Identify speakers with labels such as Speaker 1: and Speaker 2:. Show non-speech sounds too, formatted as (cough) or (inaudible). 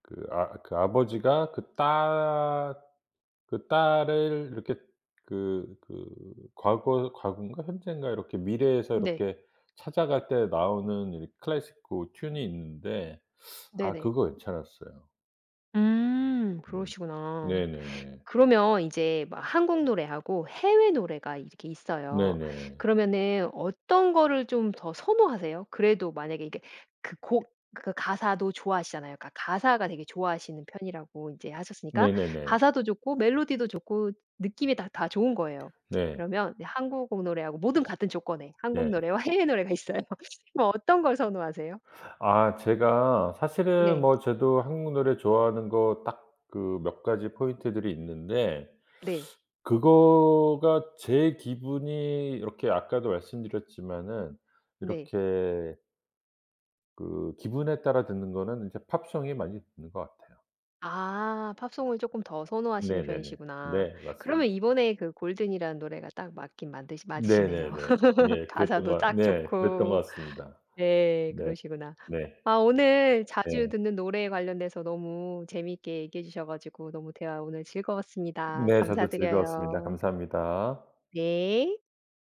Speaker 1: 그 아 그 아버지가 그 딸 그 딸을 이렇게 그, 그 과거 과건가? 현재인가 이렇게 미래에서
Speaker 2: 네.
Speaker 1: 이렇게 찾아갈 때 나오는 이 클래식 그 튠이 있는데 아
Speaker 2: 네네.
Speaker 1: 그거 괜찮았어요.
Speaker 2: 음.
Speaker 1: 음.
Speaker 2: 그러시구나.
Speaker 1: 네네네.
Speaker 2: 그러면 이제 막 한국 노래하고 해외 노래가 이렇게 있어요.
Speaker 1: 네네.
Speaker 2: 그러면은 어떤 거를 좀 더 선호하세요? 그래도 만약에 이게 그 곡 그 가사도 좋아하시잖아요. 그니까 가사가 되게 좋아하시는 편이라고 인제 하셨으니까.
Speaker 1: 네네네.
Speaker 2: 가사도 좋고 멜로디도 좋고 느낌이 다 다 좋은 거예요.
Speaker 1: 네.
Speaker 2: 그러면 이제 한국 노래하고 모든 같은 조건에 한국
Speaker 1: 네.
Speaker 2: 노래와 해외 노래가 있어요. 뭐 어떤 걸 선호하세요?
Speaker 1: 아. 제가 사실은
Speaker 2: 네.
Speaker 1: 뭐 저도 한국 노래 좋아하는 거 딱 그 몇 가지 포인트들이 있는데
Speaker 2: 네.
Speaker 1: 그거가 제 기분이 이렇게 아까도 말씀드렸지만은
Speaker 2: 네.
Speaker 1: 이렇게 그 기분에 따라 듣는 거는 인제 팝송이 많이 듣는 것 같아요.
Speaker 2: 아. 팝송을 쪼끔 더 선호하시는
Speaker 1: 네네네.
Speaker 2: 편이시구나.
Speaker 1: 네. 맞습니다.
Speaker 2: 그러면 이번에 그 골든이라는 노래가 딱 맞긴 만드신 맞으시네요.
Speaker 1: 네네네.
Speaker 2: (laughs)
Speaker 1: 예. 그랬던 거
Speaker 2: 가사도
Speaker 1: 같
Speaker 2: 딱
Speaker 1: 네. 그랬던 것
Speaker 2: 좋고.
Speaker 1: 같습니다.
Speaker 2: 네.
Speaker 1: 네.
Speaker 2: 그러시구나.
Speaker 1: 네.
Speaker 2: 아 오늘 자주
Speaker 1: 네.
Speaker 2: 듣는 노래에 관련돼서 너무 재미있게 얘기해 주셔 가지고 너무 대화 오늘 즐거웠습니다.
Speaker 1: 네. 저도 즐거웠습니다.
Speaker 2: 감사드려요.
Speaker 1: 감사합니다.
Speaker 2: 네.